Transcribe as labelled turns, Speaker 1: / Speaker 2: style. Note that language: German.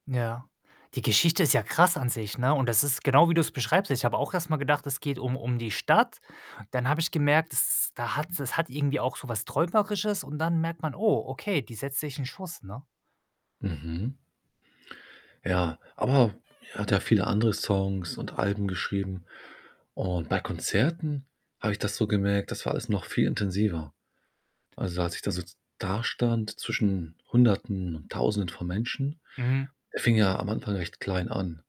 Speaker 1: Ja. Die Geschichte ist ja krass an sich, ne, und das ist genau, wie du's beschreibst. Ich habe auch erst mal gedacht, es geht um um die Stadt, dann habe ich gemerkt, es ist da hat es hat irgendwie auch so was Träumerisches und dann merkt man: „Oh, okay, die setzt sich 'n Schuss”, ne?
Speaker 2: Mhm. Ja, aber er hat ja viele andere Songs und Alben geschrieben und bei Konzerten habe ich das so gemerkt, dass war alles noch viel intensiver. Also, als ich da so dastand, zwischen Hunderten und Tausenden von Menschen,
Speaker 1: Mhm.
Speaker 2: er fing ja am Anfang recht klein an.